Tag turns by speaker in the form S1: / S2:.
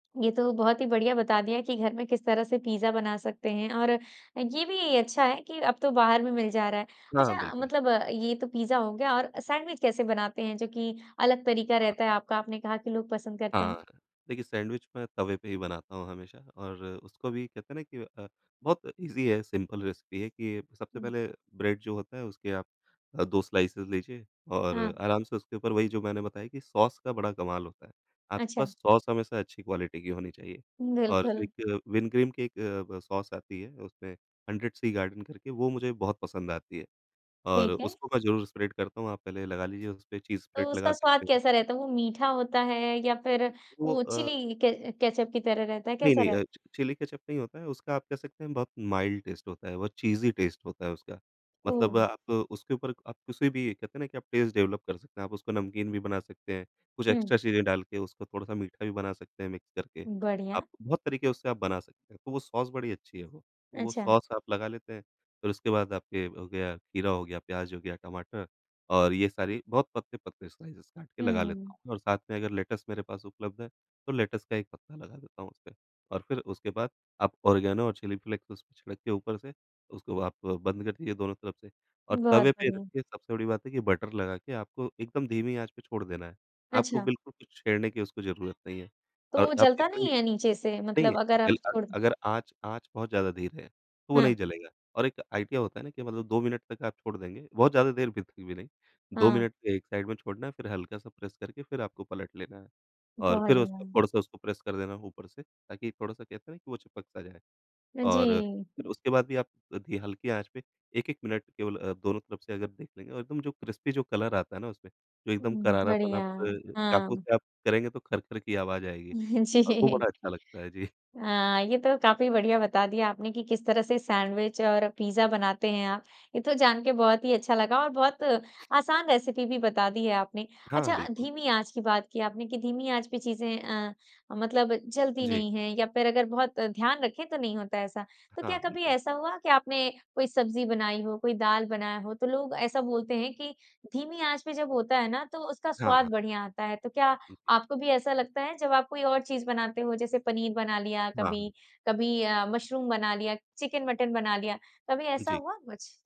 S1: ये तो बहुत ही बढ़िया बता दिया कि घर में किस तरह से पिज़्ज़ा बना सकते हैं और ये भी अच्छा है कि अब तो बाहर में मिल जा रहा है।
S2: हाँ,
S1: अच्छा,
S2: बिल्कुल।
S1: मतलब ये तो पिज़्ज़ा हो गया और सैंडविच कैसे बनाते हैं जो कि अलग तरीका रहता है
S2: हाँ।
S1: आपका आपने कहा कि लोग पसंद करते
S2: हाँ।
S1: हैं?
S2: देखिए सैंडविच मैं तवे पे ही बनाता हूँ हमेशा और उसको भी कहते हैं ना कि अ, बहुत ईज़ी है, सिंपल रेसिपी है कि, सबसे पहले ब्रेड जो होता है उसके आप अ, 2 स्लाइसेज़ लीजिए और
S1: हाँ।
S2: आराम से उसके ऊपर वही जो मैंने बताया कि सॉस का बड़ा कमाल होता है। आपके
S1: अच्छा।
S2: पास सॉस हमेशा अच्छी क्वालिटी की होनी चाहिए और जो
S1: बिल्कुल।
S2: एक विन ग्रीन की एक ब सॉस आती है उसमें हंड्रेड सी गार्डन करके वो मुझे बहुत पसंद आती है। और
S1: ठीक है।
S2: उसको मैं ज़रूर स्प्रेड करता हूँ, आप पहले लगा लीजिए उसपे चीज़
S1: तो
S2: स्प्रेड
S1: उसका
S2: लगा
S1: स्वाद
S2: सकते हैं।
S1: कैसा रहता है? वो मीठा होता है या फिर
S2: वो
S1: वो
S2: अ
S1: चिली क केचअप की तरह रहता है,
S2: नहीं,
S1: कैसा
S2: नहीं
S1: रहता
S2: अ,
S1: है?
S2: चि चिली केचअप नहीं होता है उसका आप कह सकते हैं बहुत माइल्ड टेस्ट होता है, बहुत चीज़ी टेस्ट होता है उसका। मतलब
S1: ओह!
S2: आप उसके ऊपर आप किसी भी कहते हैं ना कि आप टेस्ट डेवलप कर सकते हैं। आप उसको नमकीन भी बना सकते हैं, कुछ
S1: हुँ।
S2: एक्स्ट्रा चीज़ें डाल के उसको थोड़ा-सा मीठा भी बना सकते हैं मिक्स करके। आप
S1: बढ़िया।
S2: बहुत तरीके उससे आप बना सकते हैं, तो वो सॉस बड़ी अच्छी है वो। वो
S1: अच्छा।
S2: सॉस आप लगा लेते हैं फिर उसके बाद आपके हो गया खीरा हो गया, प्याज़ हो गया, टमाटर और ये सारी बहुत पतले-पतले स्लाइसेज़ काट के लगा लेता
S1: हुँ।
S2: हूँ और साथ में अगर लेटस मेरे पास उपलब्ध है तो लेटस का एक पत्ता लगा देता हूँ उसमें। और फिर उसके बाद आप ऑरिगेनो और चिली फ्लेक्स उसपे छिड़क के ऊपर से उसको आप बंद कर दीजिए दोनों तरफ से और
S1: बहुत
S2: तवे पे
S1: बढ़िया।
S2: रखिए सबसे बड़ी बात है कि बटर लगा के आपको एकदम धीमी आँच पे छोड़ देना है। आपको
S1: अच्छा।
S2: बिल्कुल कुछ छेड़ने की उसको ज़रूरत नहीं है
S1: तो
S2: और
S1: वो
S2: आप
S1: जलता
S2: इतने
S1: नहीं है नीचे से,
S2: नहीं,
S1: मतलब अगर
S2: जल
S1: आप
S2: अ,
S1: छोड़ दो।
S2: अगर आँच आँच बहुत ज़्यादा धीरे है तो वो
S1: हाँ।
S2: नहीं जलेगा। और एक आइडिया होता है ना कि मतलब 2 मिनट तक आप छोड़ देंगे बहुत ज़्यादा देर [unintelligible] भी नहीं। 2
S1: हाँ।
S2: मिनट एक साइड में छोड़ना है, फिर हल्का सा प्रेस करके फिर आपको पलट लेना है। और फिर उसको
S1: बढ़िया।
S2: थोड़ा-सा उसको प्रेस कर देना है ऊपर से ताकि थोड़ा-सा कहते हैं ना कि वो चिपक सा जाए
S1: अ,
S2: और
S1: जी।
S2: फिर उसके बाद भी आप धी हल्की आँच पे 1-1 मिनट केवल अ, दोनों तरफ से अगर देख लेंगे और एकदम जो क्रिस्पी जो कलर आता है ना उसमें, जो एकदम
S1: उम,
S2: करारापन
S1: बढ़िया,
S2: आप चाकू
S1: हाँ।
S2: से आप करेंगे तो खर-खर की आवाज़ आएगी, और वो
S1: जी।
S2: बड़ा अच्छा लगता है, जी।
S1: हाँ। ये तो काफ़ी बढ़िया बता दिया आपने कि किस तरह से सैंडविच और पिज़्ज़ा बनाते हैं आप। ये तो जान के बहुत ही अच्छा लगा और बहुत आसान रेसिपी भी बता दी है आपने।
S2: हाँ,
S1: अच्छा,
S2: बिल्कुल।
S1: धीमी आँच की बात की आपने, कि धीमी आँच पे चीज़ें अ, मतलब जलती
S2: जी।
S1: नहीं हैं या फिर अगर बहुत ध्यान रखे तो नहीं होता ऐसा। तो क्या
S2: हाँ,
S1: कभी
S2: बिल्कुल।
S1: ऐसा हुआ कि आपने कोई सब्जी बनाई हो, कोई दाल बनाया हो तो लोग ऐसा बोलते हैं कि धीमी आँच पे जब होता है ना, तो उसका स्वाद
S2: हाँ।
S1: बढ़िया आता है, तो क्या
S2: जी।
S1: आपको भी ऐसा लगता है, जब आप कोई और चीज़ बनाते हो जैसे पनीर बना लिया,
S2: हाँ,
S1: कभी
S2: हाँ।
S1: कभी अ, मशरूम बना लिया, चिकन-मटन बना लिया, कभी ऐसा
S2: जी।
S1: हुआ कुछ?